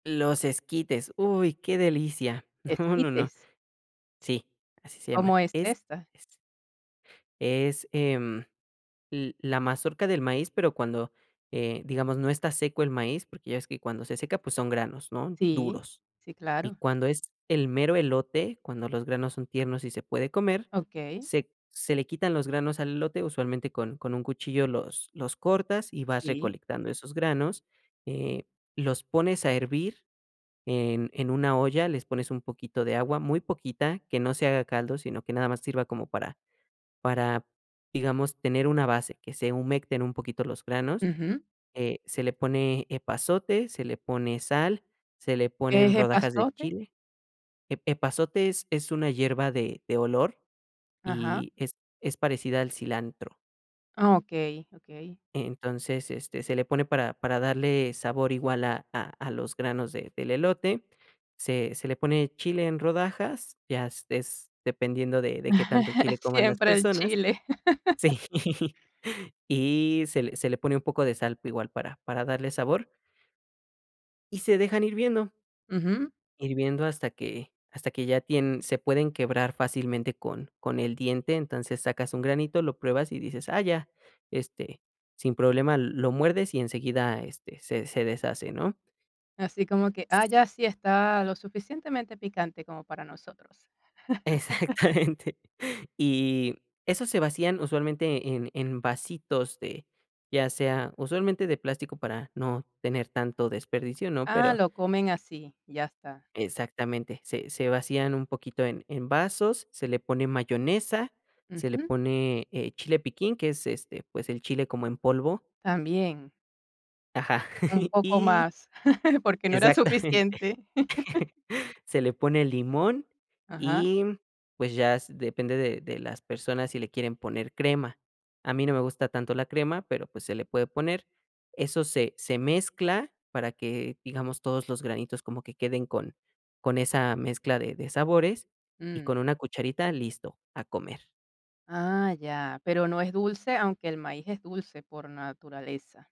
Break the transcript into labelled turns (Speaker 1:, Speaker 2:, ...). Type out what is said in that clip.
Speaker 1: Los esquites, uy, qué delicia, no, no, no.
Speaker 2: ¿Esquites?
Speaker 1: Sí, así se llaman,
Speaker 2: ¿Cómo es esta?
Speaker 1: esquites, es, em, l la mazorca del maíz, pero cuando, eh, digamos, no está seco el maíz, porque ya ves que cuando se seca, pues son granos, ¿no?,
Speaker 2: Sí,
Speaker 1: duros,
Speaker 2: sí
Speaker 1: y
Speaker 2: claro.
Speaker 1: cuando es el mero elote, cuando los granos son tiernos y se puede comer,
Speaker 2: Okey.
Speaker 1: se se le quitan los granos al elote, usualmente con con un cuchillo los los cortas, y vas
Speaker 2: Sí.
Speaker 1: recolectando esos granos, eh, los pones a hervir en en una olla, les pones un poquito de agua, muy poquita, que no se haga caldo, sino que nada más sirva como para para, digamos, tener una base, que se humecten un poquito los granos,
Speaker 2: Ujú.
Speaker 1: eh, se le pone epazote, se le pone sal, se le
Speaker 2: ¿Que
Speaker 1: ponen
Speaker 2: es
Speaker 1: rodajas de
Speaker 2: epazote?
Speaker 1: chile ep epazote es es una hierba de de olor,
Speaker 2: Ajá.
Speaker 1: y es es parecida al cilantro.
Speaker 2: Ah, okey, okey.
Speaker 1: Entonces, este, se le pone para para darle sabor igual a a a los granos de del elote, se se le pone chile en rodajas, ya s es dependiendo de de qué tanto chile coman las
Speaker 2: Siempre el
Speaker 1: personas,
Speaker 2: chile.
Speaker 1: sí, y se le se le pone un poco de sal igual para para darle sabor y se dejan hirviendo.
Speaker 2: Ujú.
Speaker 1: Hirviendo hasta que hasta que ya tien se pueden quebrar fácilmente con con el diente, entonces sacas un granito, lo pruebas y dices: "Ah, ya". Este, sin problema lo muerdes y enseguida, este, se se deshace, ¿no?
Speaker 2: Así como que: "Ah, ya, sí está lo suficientemente picante como para nosotros".
Speaker 1: Exactamente, y esos se vacían usualmente en en vasitos de, ya sea usualmente de plástico para no tener tanto desperdicio, ¿no?,
Speaker 2: Ah,
Speaker 1: pero.
Speaker 2: lo comen así, ya está.
Speaker 1: Exactamente, se se vacían un poquito en en vasos, se le pone mayonesa, se le
Speaker 2: Ujú.
Speaker 1: pone, eh, chile piquín, que es, este, pues el chile como en polvo.
Speaker 2: También.
Speaker 1: Ajá,
Speaker 2: Un poco
Speaker 1: y
Speaker 2: más, porque no era
Speaker 1: exactamente,
Speaker 2: suficiente.
Speaker 1: se le pone limón,
Speaker 2: Ajá.
Speaker 1: y pues ya s depende de de las personas si le quieren poner crema, a mí no me gusta tanto la crema, pero pues se le puede poner, eso se se mezcla para que, digamos, todos los granitos como que queden con con esa mezcla de de sabores, y
Speaker 2: Mm.
Speaker 1: con una cucharita, listo, a comer.
Speaker 2: Ah, ya, ¿pero no es dulce?, aunque el maíz es dulce por naturaleza.